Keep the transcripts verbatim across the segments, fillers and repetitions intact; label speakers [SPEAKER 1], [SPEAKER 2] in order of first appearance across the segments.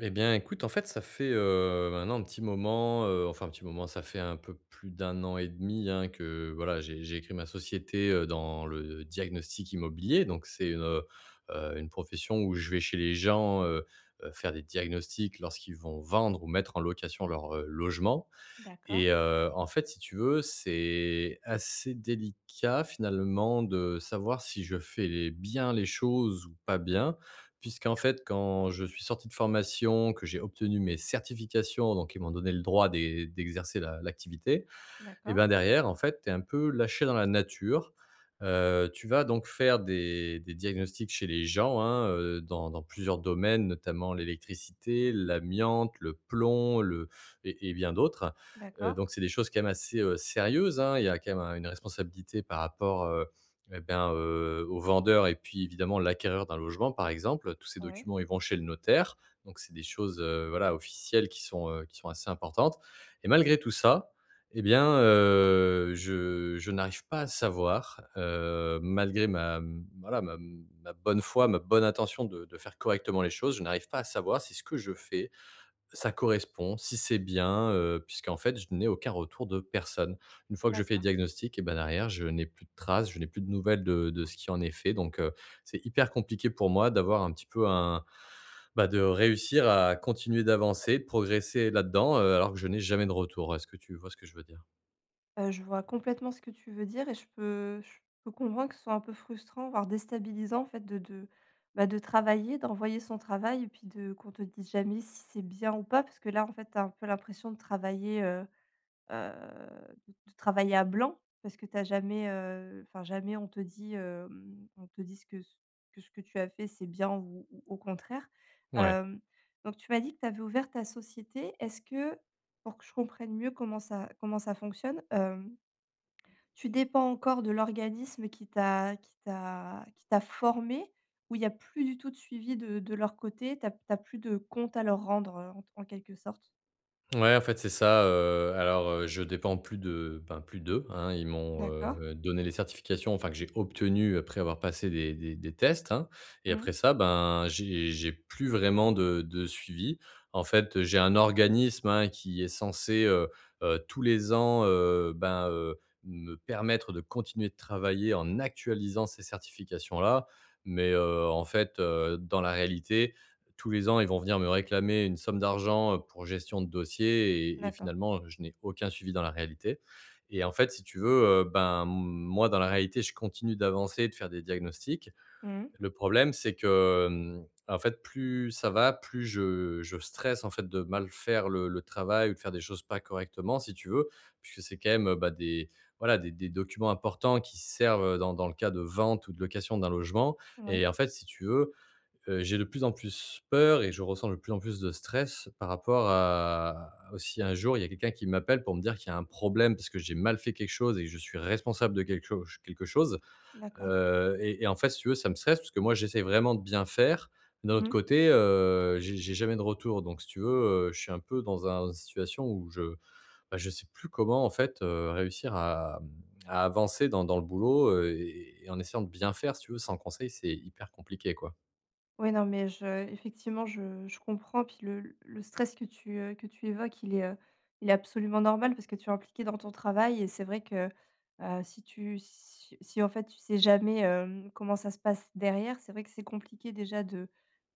[SPEAKER 1] Eh bien, écoute, en fait, ça fait, heu, maintenant un petit moment, heu, enfin un petit moment, ça fait un peu plus d'un an et demi, hein, que voilà, j'ai j'ai crée ma société dans le diagnostic immobilier donc c'est, heu heu, une profession où je vais chez les gens, heu heu, faire des diagnostics lorsqu'ils vont vendre ou mettre en location leur, heu, logement
[SPEAKER 2] D'accord.
[SPEAKER 1] et heu, en fait, si tu veux, c'est assez délicat finalement de savoir si je fais les bien les choses ou pas bien. Puisqu'en fait, quand je suis sorti de formation, que j'ai obtenu mes certifications, donc ils m'ont donné le droit d'é d'exercer l'a l'activité et
[SPEAKER 2] D'accord.
[SPEAKER 1] ben, derrière, en fait, tu es un peu lâché dans la nature. Heu, tu vas donc faire des des diagnostics chez les gens, hein, heu, dans dans plusieurs domaines, notamment l'électricité, l'amiante, le plomb le et et bien d'autres, heu,
[SPEAKER 2] D'accord.
[SPEAKER 1] donc c'est des choses quand même assez sérieuses, hein. Il y a quand même une responsabilité par rapport, heu, et ben, heu, au vendeur et puis évidemment, l'acquéreur d'un logement, par exemple. Tous ces
[SPEAKER 2] Ouais.
[SPEAKER 1] documents, ils vont chez le notaire, donc c'est des choses, heu, voilà, officielles qui sont, heu, qui sont assez importantes et malgré tout ça, et bien, heu, je je n'arrive pas à savoir, heu, malgré ma, mmh, voilà, ma, mmh, ma bonne foi, ma bonne intention de de faire correctement les choses. Je n'arrive pas à savoir si ce que je fais, ça correspond, si c'est bien, heu, puisqu'en fait, je n'ai aucun retour de personne. Une fois que je fais le
[SPEAKER 2] D'accord.
[SPEAKER 1] diagnostic et bah derrière, je n'ai plus de trace, je n'ai plus de nouvelles de de ce qui en est fait donc heu, c'est hyper compliqué pour moi d'avoir un petit peu un bah, de réussir à continuer d'avancer, progresser là-dedans, heu, alors que je n'ai jamais de retour. Est-ce que tu vois ce que je veux dire?
[SPEAKER 2] Heu, je vois complètement ce que tu veux dire et je peux je peux comprendre que ce soit un peu frustrant, voire déstabilisant, en fait, de de bah, de travailler, d'envoyer son travail et puis de qu'on te dise jamais si c'est bien ou pas parce que là, en fait, tu as un peu l'impression de travailler, heu heu, de de travailler à blanc parce que tu as jamais, heu, enfin, jamais, on te dit, hem, on te dit ce que, c que ce que tu as fait, c'est bien ou ou au contraire.
[SPEAKER 1] Ouais.
[SPEAKER 2] Hem, donc tu m'as dit que tu avais ouvert ta société. Est-ce que pour que je comprenne mieux comment ça comment ça fonctionne, hem tu dépends encore de l'organisme qui t'a qui t'a qui t'a formé ou il y a plus du tout de suivi de de leur côté, tu as tu as plus de comptes à leur rendre, heu, en en quelque sorte?
[SPEAKER 1] Ouais en fait c'est ça, heu, alors, heu, je dépends plus de, ben, plus d'eux hein, ils m'ont,
[SPEAKER 2] D'accord.
[SPEAKER 1] heu, donné les certifications enfin que j'ai obtenu après avoir passé des des des tests hein, et
[SPEAKER 2] Mmh.
[SPEAKER 1] après ça, bah, j'ai j'ai plus vraiment de de suivi. En fait, heu, j'ai un organisme hein, qui est censé, heu heu, tous les ans, heu, ben, heu, me permettre de continuer de travailler en actualisant ces certifications-là mais heu, en fait, heu, dans la réalité, tous les ans, ils vont venir me réclamer une somme d'argent pour gestion de dossier, et et
[SPEAKER 2] D'accord.
[SPEAKER 1] finalement, je n'ai aucun suivi dans la réalité, et en fait, si tu veux, heu, ben, moi, dans la réalité, je continue d'avancer et de faire des diagnostics.
[SPEAKER 2] Mmh mh.
[SPEAKER 1] Le problème, c'est que, mmh, en fait, plus ça va, plus je je stresse en fait de mal faire le le travail ou de faire des choses pas correctement si tu veux, puisque c'est quand même, heu, bah, des voilà, des des documents importants qui servent, heu, dans dans le cas de vente ou de location d'un logement,
[SPEAKER 2] Ouais.
[SPEAKER 1] et en fait, si tu veux, heu, j'ai de plus en plus peur, et je ressens de plus en plus de stress par rapport à au si un jour, il y a quelqu'un qui m'appelle pour me dire qu'il y a un problème, puisque j'ai mal fait quelque chose et que je suis responsable de quelque cho quelque chose,
[SPEAKER 2] D'accord.
[SPEAKER 1] heu, et et en fait, si tu veux, ça me stresse puisque moi j'essaye vraiment de bien faire. D'un autre
[SPEAKER 2] Mmh.
[SPEAKER 1] côté, heu, j'ai j'ai jamais de retour, donc si tu veux, heu, je suis un peu dans un une situation où je, ben, je sais plus comment en fait, heu, réussir à, mmh, à avancer dans dans le boulot, heu, et et en essayant de bien faire. Si tu veux, sans conseil, c'est hyper compliqué quoi.
[SPEAKER 2] Ouais, non, mais je effectivement, je je comprends. Puis le le stress que tu, heu, que tu évoques, il est, heu, il est absolument normal parce que tu es impliqué dans ton travail, et c'est vrai que, heu, si tu si si en fait tu sais jamais, hem, comment ça se passe derrière. C'est vrai que c'est compliqué déjà de,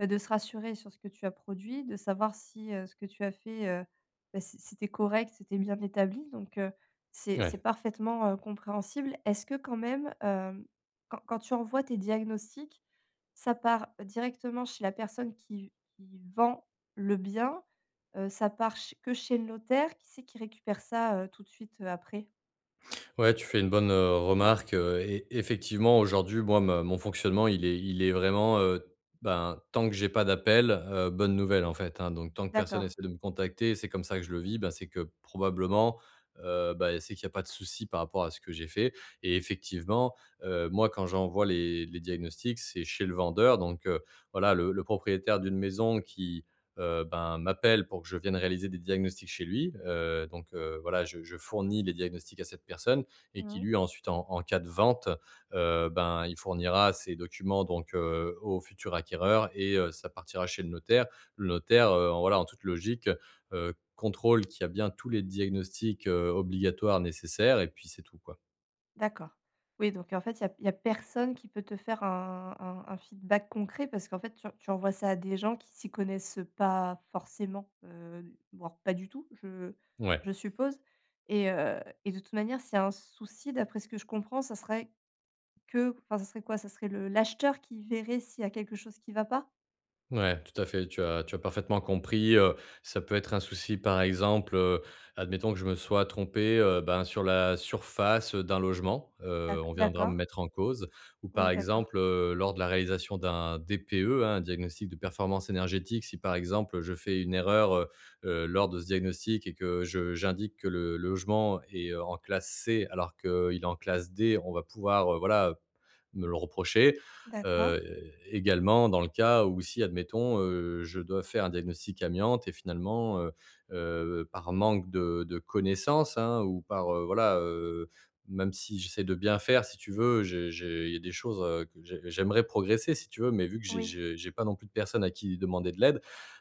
[SPEAKER 2] bah, de se rassurer sur ce que tu as produit. De savoir si, heu, ce que tu as fait, heu, bah, c'est c'était correct, c'était bien établi donc heu, c'est c'est
[SPEAKER 1] Ouais.
[SPEAKER 2] parfaitement, heu, compréhensible. Est-ce que quand même, hem, quand quand tu envoies tes diagnostics, ça part directement chez la personne qui v qui vend le bien? Heu, ça part ch que chez le notaire? Qui c'est qui récupère ça, heu, tout de suite, heu, après?
[SPEAKER 1] Ouais, tu fais une bonne, heu, remarque, heu, et effectivement, aujourd'hui, moi me mon fonctionnement, il est il est vraiment, heu, bah tant que j'ai pas d'appel, heu, bonne nouvelle en fait hein, donc, tant que personne
[SPEAKER 2] D'accord.
[SPEAKER 1] essaie de me contacter, c'est comme ça que je le vis. Ben, c'est que probablement, heu, bah, c'est qu'il y a pas de souci par rapport à ce que j'ai fait, et effectivement, heu, moi, quand j'envoie les les diagnostics. C'est chez le vendeur donc heu, voilà, le le propriétaire d'une maison qui, heu, ben, m'appelle pour que je vienne réaliser des diagnostics chez lui, heu, donc, heu, voilà, je je fournis les diagnostics à cette personne et
[SPEAKER 2] Mmh
[SPEAKER 1] qui
[SPEAKER 2] mh.
[SPEAKER 1] lui ensuite, en en cas de vente, heu, ben, il fournira ces documents, donc, heu, au futur acquéreur et heu, ça partira chez le notaire. Le notaire, heu, en, voilà, en toute logique, heu heu, contrôle qu'il y a bien tous les diagnostics, heu, obligatoires nécessaires, et puis, c'est tout quoi.
[SPEAKER 2] D'accord. Oui, donc heu, en fait, il y a il y a personne qui peut te faire un un un feedback concret parce qu'en fait tu tu envoies ça à des gens qui s'y connaissent, heu, pas forcément, heu, voire pas du tout, je
[SPEAKER 1] Ouais.
[SPEAKER 2] je suppose, et heu, et de toute manière, s'il y a un souci, d'après ce que je comprends, ça serait que enfin, ça serait quoi? Ça serait le l'acheteur qui verrait s'il y a quelque chose qui va pas?
[SPEAKER 1] Ouais, tout à fait, tu as tu as parfaitement compris, heu, ça peut être un souci, par exemple, heu, admettons que je me sois trompé, heu, ben, sur la surface, heu, d'un logement, heu,
[SPEAKER 2] D'ac
[SPEAKER 1] on viendra
[SPEAKER 2] d'accord.
[SPEAKER 1] me mettre en cause ou par
[SPEAKER 2] Oui, d'accord.
[SPEAKER 1] exemple, heu, lors de la réalisation d'un DPE, hein, un diagnostic de performance énergétique si, par exemple, je fais une erreur, heu heu, lors de ce diagnostic et que je j'indique que le logement est, heu, en classe C alors qu'il est en classe D, on va pouvoir, heu, voilà, heu, me le reprocher,
[SPEAKER 2] D'accord.
[SPEAKER 1] heu, également dans le cas où si, admettons, heu, je dois faire un diagnostic amiante et finalement, heu heu, par manque de de connaissances, hein, ou par, heu, voilà, heu, même si j'essaie de bien faire, si tu veux, j'ai j'ai il y a des choses, heu, que j'ai j'aimerais progresser si tu veux, mais vu que j'ai
[SPEAKER 2] Oui.
[SPEAKER 1] je j'ai pas non plus de personnes à qui demander de l'aide,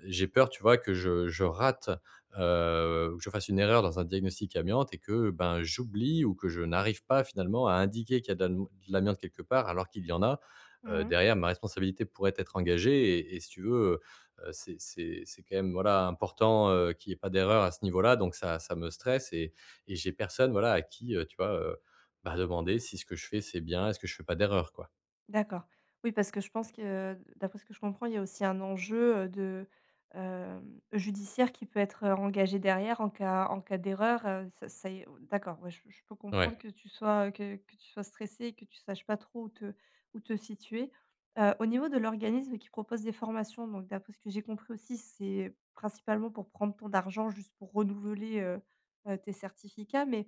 [SPEAKER 1] j'ai peur, tu vois, que je je rate, heu, ou que je fasse une erreur dans un diagnostic amiante et que, ben, j'oublie ou que je n'arrive pas finalement à indiquer qu'il y a de l'am l'amiante quelque part alors qu'il y en a, heu,
[SPEAKER 2] Mmh mh.
[SPEAKER 1] derrière ma responsabilité pourrait être engagée et et si tu veux, heu heu, c'est c'est c'est quand même, voilà, important, heu, qu'il y ait pas d'erreur à ce niveau-là donc ça ça me stresse et et j'ai personne, voilà, à qui, heu, tu vois, heu, bah, demander si ce que je fais c'est bien? Est-ce que je fais pas d'erreur, quoi?
[SPEAKER 2] D'accord. Oui, parce que je pense que d'après ce que je comprends, il y a aussi un enjeu, heu, de, hem, judiciaire qui peut être, heu, engagé derrière en cas en cas d'erreur, heu, ça ça y est on on d'accord, ouais, je je peux
[SPEAKER 1] Ouais.
[SPEAKER 2] comprendre que tu sois, heu, que que tu sois stressé et que tu saches pas trop où te où te situer. Heu, au niveau de l'organisme qui propose des formations, donc d'après ce que j'ai compris aussi, c'est principalement pour prendre ton argent juste pour renouveler, heu heu, tes certificats, mais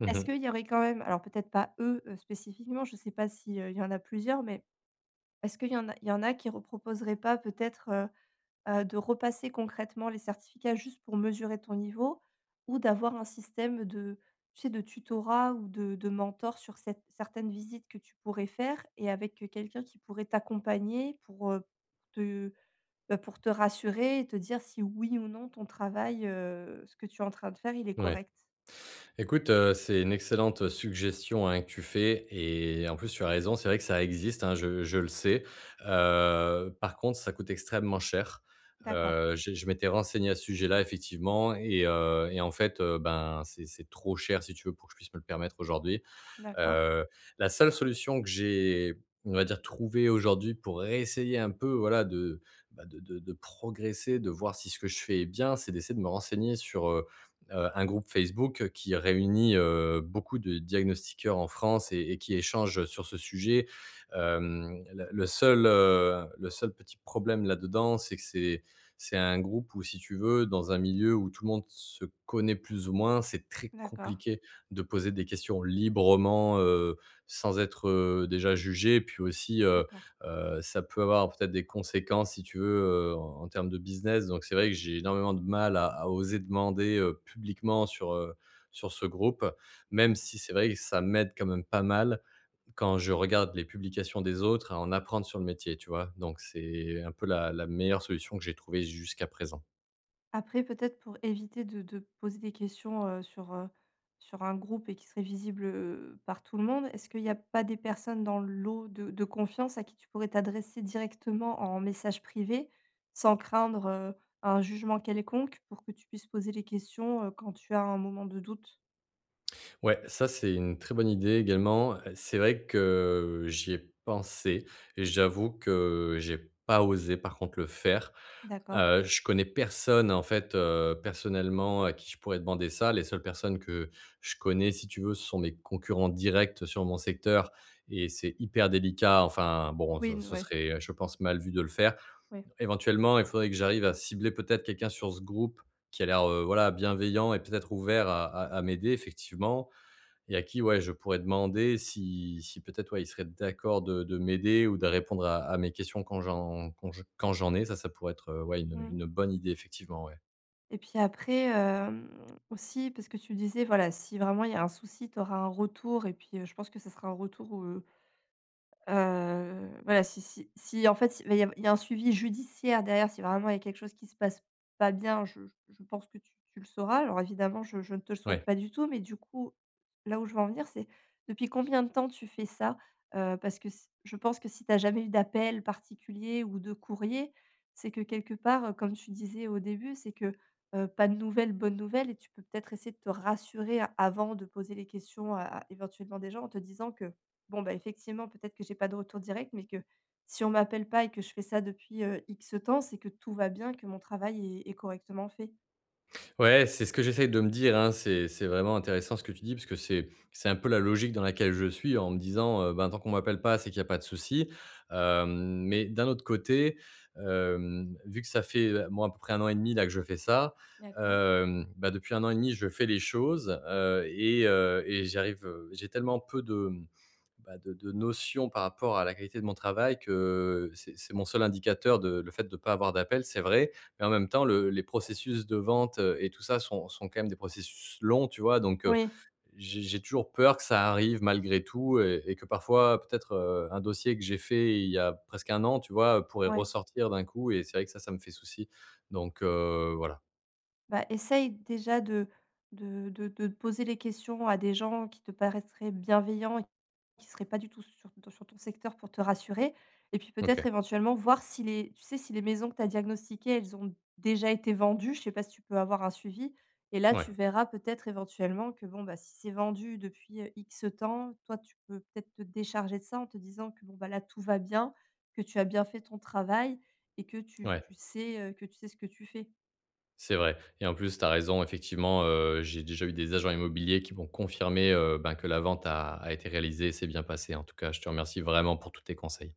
[SPEAKER 1] Mmh
[SPEAKER 2] est-ce
[SPEAKER 1] mh.
[SPEAKER 2] qu'il y aurait quand même, alors peut-être pas, eux, heu, spécifiquement, je sais pas si, heu, il y en a plusieurs, mais est-ce qu'il y en a il y en a qui reproposeraient pas peut-être, heu heu, de repasser concrètement les certificats juste pour mesurer ton niveau? Ou d'avoir un système de tu sais, de tutorat ou de de mentors sur cette certaines visites que tu pourrais faire et avec, heu, quelqu'un qui pourrait t'accompagner pour, heu, te, bah, pour te rassurer et te dire si oui ou non, ton travail, heu, ce que tu es en train de faire, il est
[SPEAKER 1] Ouais.
[SPEAKER 2] correct?
[SPEAKER 1] Écoute, heu, c'est une excellente suggestion, hein, que tu fais et en plus tu as raison. C'est vrai que ça existe, hein, je je le sais, heu, par contre, ça coûte extrêmement cher.
[SPEAKER 2] D'accord.
[SPEAKER 1] Heu, j'ai je m'étais renseigné à ce sujet-là, effectivement et heu, et en fait, heu, ben, c'est c'est trop cher, si tu veux, pour que je puisse me le permettre aujourd'hui,
[SPEAKER 2] D'accord.
[SPEAKER 1] heu, la seule solution que j'ai, on va dire, trouvée aujourd'hui pour réessayer un peu, voilà, de, bah, de de de progresser, de voir si ce que je fais est bien, c'est d'essayer de me renseigner sur, heu heu, un groupe Facebook qui réunit, heu, beaucoup de diagnostiqueurs en France et et qui échangent, heu, sur ce sujet, hem, le le seul, heu, le seul petit problème là-dedans, c'est que c'est c'est un groupe où si tu veux, dans un milieu où tout le monde se connaît plus ou moins, c'est très
[SPEAKER 2] D'accord.
[SPEAKER 1] compliqué de poser des questions librement, heu, sans être, heu, déjà jugé et puis aussi, heu
[SPEAKER 2] D'accord.
[SPEAKER 1] heu, ça peut avoir peut-être des conséquences, si tu veux, heu, en en termes de business donc c'est vrai que j'ai énormément de mal à à oser demander, heu, publiquement sur, heu, sur ce groupe, même
[SPEAKER 2] Mmh.
[SPEAKER 1] si c'est vrai que ça m'aide quand même pas mal quand je regarde les publications des autres à en apprendre sur le métier, tu vois? Donc c'est un peu la la meilleure solution que j'ai trouvée jusqu'à présent.
[SPEAKER 2] Après, peut-être pour éviter de de poser des questions, heu, sur, heu, sur un groupe et qui seraient visibles, heu, par tout le monde, est-ce qu'il y a pas des personnes dans le lot de de confiance à qui tu pourrais t'adresser directement en message privé sans craindre, heu, un jugement quelconque pour que tu puisses poser les questions, heu, quand tu as un moment de doute?
[SPEAKER 1] Ouais, ça, c'est une très bonne idée également. C'est vrai que j'y ai pensé et j'avoue que j'ai pas osé par contre le faire,
[SPEAKER 2] D'accord.
[SPEAKER 1] heu, je connais personne, en fait, heu, personnellement à qui je pourrais demander ça. Les seules personnes que je connais, si tu veux, ce sont mes concurrents directs sur mon secteur et c'est hyper délicat. Enfin, bon,
[SPEAKER 2] Oui,
[SPEAKER 1] ce
[SPEAKER 2] n
[SPEAKER 1] ce
[SPEAKER 2] ouais.
[SPEAKER 1] serait, heu, je pense, mal vu de le faire.
[SPEAKER 2] Ouais.
[SPEAKER 1] Éventuellement, il faudrait que j'arrive à cibler peut-être quelqu'un sur ce groupe qui a l'air, heu, voilà, bienveillant et peut-être ouvert à à à m'aider effectivement et à qui, ouais, je pourrais demander si si peut être, ouais, il serait d'accord de de m'aider ou de répondre à à mes questions quand j'en quand j quand j'en ai. Ça, ça pourrait être, heu, ouais, une, heu,
[SPEAKER 2] Mmh.
[SPEAKER 1] une bonne idée effectivement, ouais.
[SPEAKER 2] Et puis après, hem, aussi parce que tu disais, voilà, si vraiment il y a un souci, tu auras un retour et puis je pense que ce sera un retour, heu heu, voilà si si si en fait, il va y av il y a un suivi judiciaire derrière, si vraiment il y a quelque chose qui se passe pas bien, je je je je pense que tu tu le sauras. Alors évidemment, je je ne te le souhaite
[SPEAKER 1] Ouais.
[SPEAKER 2] pas du tout, mais du coup, là où je veux en venir c'est depuis combien de temps tu fais ça? Heu, parce que s je pense que si tu as jamais eu d'appels particuliers ou de courriers, c'est que quelque part, comme tu disais au début, c'est que, heu, pas de nouvelles, bonne nouvelle et tu peux peut-être essayer de te rassurer avant de poser les questions à à éventuellement des gens en te disant que: «Bon, ben, effectivement, peut-être que j'ai pas de retour direct, mais que si on m'appelle pas et que je fais ça depuis, heu, X temps, c'est que tout va bien, que mon travail est est correctement fait».
[SPEAKER 1] Ouais, c'est ce que j'essaye de me dire, hein, c'est c'est vraiment intéressant ce que tu dis puisque c'est c'est un peu la logique dans laquelle je suis en me disant: «Heu, ben, tant qu'on m'appelle pas, c'est qu'il y a pas de souci», hem, mais d'un autre côté, hem, vu que ça fait, bon, à peu près un an et demi là que je fais ça,
[SPEAKER 2] D'accord.
[SPEAKER 1] hem, bah, depuis un an et demi, je fais les choses, heu et heu et j'y arrive v j'ai tellement peu de, hem, bah, de de notions par rapport à la qualité de mon travail, que c'est c'est mon seul indicateur de le fait de pas avoir d'appels, c'est vrai. En même temps, le les processus de vente et tout ça, sont sont quand même des processus longs, tu vois? Donc, heu,
[SPEAKER 2] Oui.
[SPEAKER 1] j'ai j'ai toujours peur que ça arrive malgré tout et et que parfois peut-être, heu, un dossier que j'ai fait il y a presque un an, tu vois, pourrait
[SPEAKER 2] Ouais.
[SPEAKER 1] ressortir d'un coup et c'est vrai que ça, ça me fait souci. Donc, heu, voilà.
[SPEAKER 2] Bah essaye déjà de de de de de poser les questions à des gens qui te paraitraient bienveillants et qui seraient pas du tout sur ton sur ton secteur pour te rassurer et puis peut-être
[SPEAKER 1] OK.
[SPEAKER 2] éventuellement, voir si les tu sais si les maisons que tu as diagnostiquées, elles ont déjà été vendues. Je sais pas si tu peux avoir un suivi et là,
[SPEAKER 1] Mouais.
[SPEAKER 2] tu verras peut-être, éventuellement, que, bon, bah si c'est vendu depuis, heu, X temps, toi, tu peux peut-être te décharger de ça, en te disant que bon bah là, tout va bien, que tu as bien fait ton travail et que tu
[SPEAKER 1] Ouais.
[SPEAKER 2] tu sais, heu, que tu sais ce que tu fais.
[SPEAKER 1] C'est vrai et en plus, tu as raison effectivement, heu, j'ai déjà eu des agents immobiliers qui m'ont confirmé, heu ben que la vente a été réalisée, s'est bien passée. En tout cas, je te remercie vraiment pour tous tes conseils.